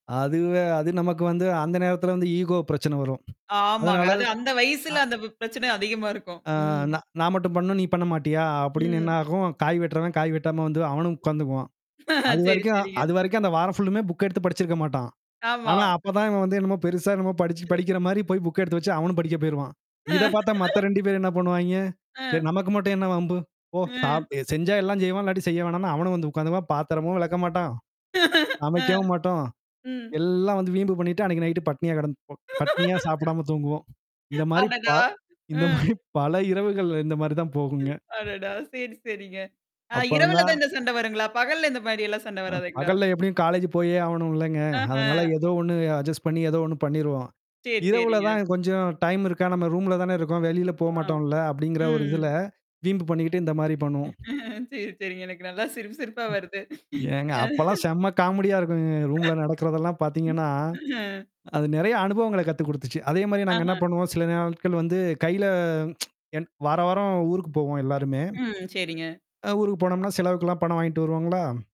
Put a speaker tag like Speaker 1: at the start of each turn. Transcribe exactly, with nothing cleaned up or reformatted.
Speaker 1: அதுவே அது நமக்கு வந்து அந்த நேரத்தில வந்து ஈகோ பிரச்சன வரும்.
Speaker 2: ஆமாங்க.
Speaker 1: அதனால.
Speaker 2: அது அந்த
Speaker 1: அ.
Speaker 2: வயசுல அந்த பி பிரச்சனை அதிகமா இருக்கும்.
Speaker 1: அ
Speaker 2: ம்.
Speaker 1: "ந நான் மட்டும் பண்ணணும். நீ பண்ண மாட்டியா?" அப்டின்னு
Speaker 2: ம்.
Speaker 1: என்னாகும். காய் வெட்டுறவன் காய் வெட்டாம வந்து அவனும் உட்காந்துக்குவான்.
Speaker 2: ஆ சரி,
Speaker 1: அதுவரைக்கும்
Speaker 2: சரிங்க.
Speaker 1: அதுவரைக்கும் அந்த வாரம் ஃபுல்லுமே புக் எடுத்து படிச்சிருக்க மாட்டான்.
Speaker 2: ஆமா.
Speaker 1: ஆனா, அப்பதான் இவன் வந்து என்னமோ பெருசா என்னமோ படிச்சு படிக்கிற மாரி போய் புக் எடுத்து வச்சு அவனும் படிக்க போயிருவான்.
Speaker 2: ஆ.
Speaker 1: இத பார்த்தா மத்த ரெண்டு பேரு என்ன பண்ணுவாய்ங்க, "சரி
Speaker 2: ஆ.
Speaker 1: நமக்கு மட்டும் என்ன வம்பு? போ சாப்
Speaker 2: ம்.
Speaker 1: செஞ்சா எல்லாஞ்செய்வோம். இல்லாட்டி செய்ய வேணான்ணு" அவனும் வந்து உட்காந்து பா பாத்தரமும் விளக்க மாட்டான்.
Speaker 2: ஆ.
Speaker 1: சமைக்கவும் மாட்டோம்.
Speaker 2: ம்.
Speaker 1: எல்லாம் வந்து வீம்பு பண்ணிட்டு அன்னைக்கு நைட்டு பட்னியா கடந்து பட்னியா சாப்பிடாம தூங்குவோம். இந்த மாரி பா
Speaker 2: அடடா!
Speaker 1: இந்த
Speaker 2: அ.
Speaker 1: மாரி பல இரவுகள்ல இந்த மாரி தான் போகுங்க.
Speaker 2: ம், அடடா! சரி, சரிங்க. ஆ இரவுல
Speaker 1: அப்புறந்தான்
Speaker 2: தான் இந்த சண்ட வருங்களா? பகல்ல இந்த மாதிரியெல்லாம் சண்ட
Speaker 1: அ
Speaker 2: வராதுங்களா?
Speaker 1: பகல்ல எப்டியும் காலேஜ் போயே ஆகணும்லங்க.
Speaker 2: ஆஹா.
Speaker 1: அதனால ஏதோ ஒண்ணு அட்ஜஸ்ட் பண்ணி ஏதோ ஒண்ணு பண்ணிருவோம்.
Speaker 2: சரி,
Speaker 1: இரவுல
Speaker 2: சரிங்க.
Speaker 1: தான் கொஞ்சம் டைம் இருக்கா. நம்ம ரூம்ல தானே இருக்கோம். வெளில
Speaker 2: ஆ.
Speaker 1: போமாட்டோம்ல அப்டிங்கிற ஒரு
Speaker 2: ம்
Speaker 1: இதுல. வீம்பு பண்ணிக்கிட்டு இந்த மாரி பண்ணுவோம்.
Speaker 2: சரி, சரிங்க. எனக்கு நல்லா சிரிப்பு, சிரிப்பா
Speaker 1: ம்.
Speaker 2: வருது.
Speaker 1: ஏங்க!
Speaker 2: அ
Speaker 1: அப்பலாம் செம்ம காமெடியா இருக்குங்க. ரூம்ல நடக்கிறதெல்லாம்
Speaker 2: ம்.
Speaker 1: பார்த்தீங்கன்னா,
Speaker 2: ஆ.
Speaker 1: அது நெறைய அனுபவங்கள கத்து குடுத்துச்சு. அதே மாரி நாங்க என்ன
Speaker 2: ஆஹா.
Speaker 1: பண்ணுவோம், சில நாட்கள் வந்து கையில என் வார வாரம் ஊருக்கு போவோம் எல்லாருமே.
Speaker 2: ம். சரிங்க.
Speaker 1: அ ஊருக்கு போனோம்னா, செலவுக்கெல்லாம் பணம் வாங்கிட்டு வருவாங்களா?